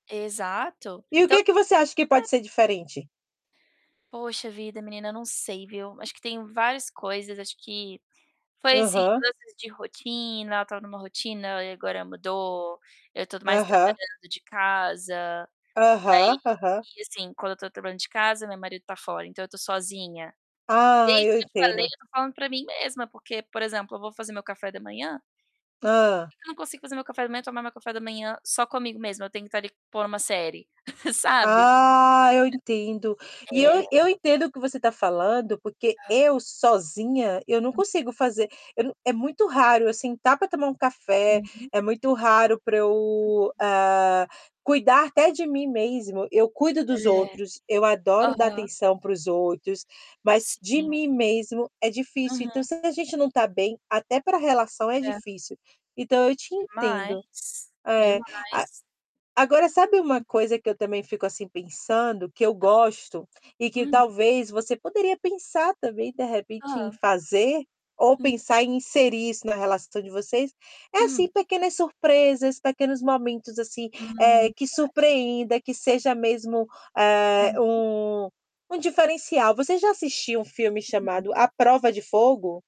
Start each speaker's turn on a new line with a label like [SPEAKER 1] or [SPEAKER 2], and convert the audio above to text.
[SPEAKER 1] Exato.
[SPEAKER 2] E o
[SPEAKER 1] Então
[SPEAKER 2] que que você acha que pode
[SPEAKER 1] É.
[SPEAKER 2] ser diferente?
[SPEAKER 1] Poxa vida, menina, não sei, viu. Acho que tem várias coisas. Acho que foi, assim,
[SPEAKER 2] Aham.
[SPEAKER 1] mudanças de rotina. Eu estava numa rotina, aí agora mudou. Eu tô mais
[SPEAKER 2] Aham.
[SPEAKER 1] trabalhando de casa. Daí
[SPEAKER 2] Aham, aham.
[SPEAKER 1] e assim, quando eu tô trabalhando de casa, meu marido tá fora, então eu tô sozinha. E
[SPEAKER 2] Ah,
[SPEAKER 1] isso
[SPEAKER 2] eu
[SPEAKER 1] que eu te falei,
[SPEAKER 2] entendo.
[SPEAKER 1] eu tô falando pra mim mesma, porque, por exemplo, eu vou fazer meu café da manhã, por
[SPEAKER 2] Hã.
[SPEAKER 1] que que eu não consigo fazer meu café da manhã, tomar meu café da manhã só comigo mesma, eu tenho que tá ali pondo uma série, sabe?
[SPEAKER 2] Ah, eu entendo. E
[SPEAKER 1] É.
[SPEAKER 2] eu eu entendo o que você tá falando, porque eu, sozinha, eu não consigo fazer. Eu não é muito raro eu sentar pra tomar um café,
[SPEAKER 1] Uhum.
[SPEAKER 2] é muito raro pra eu, ah, cuidar até de mim mesmo. Eu cuido dos
[SPEAKER 1] É.
[SPEAKER 2] outros, eu adoro dar
[SPEAKER 1] Aham.
[SPEAKER 2] atenção para os outros, mas de
[SPEAKER 1] Sim.
[SPEAKER 2] mim mesmo é difícil. Então
[SPEAKER 1] Aham.
[SPEAKER 2] se a gente não tá bem, até pra relação é
[SPEAKER 1] É.
[SPEAKER 2] difícil. Então eu te entendo.
[SPEAKER 1] Demais,
[SPEAKER 2] É,
[SPEAKER 1] demais.
[SPEAKER 2] a agora sabe uma coisa que eu também fico, assim, pensando que eu
[SPEAKER 1] Hã.
[SPEAKER 2] gosto e que
[SPEAKER 1] Uhum.
[SPEAKER 2] talvez você poderia pensar também, de repente, em
[SPEAKER 1] Hã?
[SPEAKER 2] fazer ou
[SPEAKER 1] Hum.
[SPEAKER 2] pensar em inserir isso na relação de vocês? É,
[SPEAKER 1] Hum.
[SPEAKER 2] assim, pequenas surpresas, pequenos momentos, assim, eh,
[SPEAKER 1] Hum.
[SPEAKER 2] que
[SPEAKER 1] Acho.
[SPEAKER 2] surpreenda, que seja mesmo, eh,
[SPEAKER 1] Uhum.
[SPEAKER 2] um um diferencial. Você já assistiu um filme
[SPEAKER 1] Hum.
[SPEAKER 2] chamado À Prova de Fogo?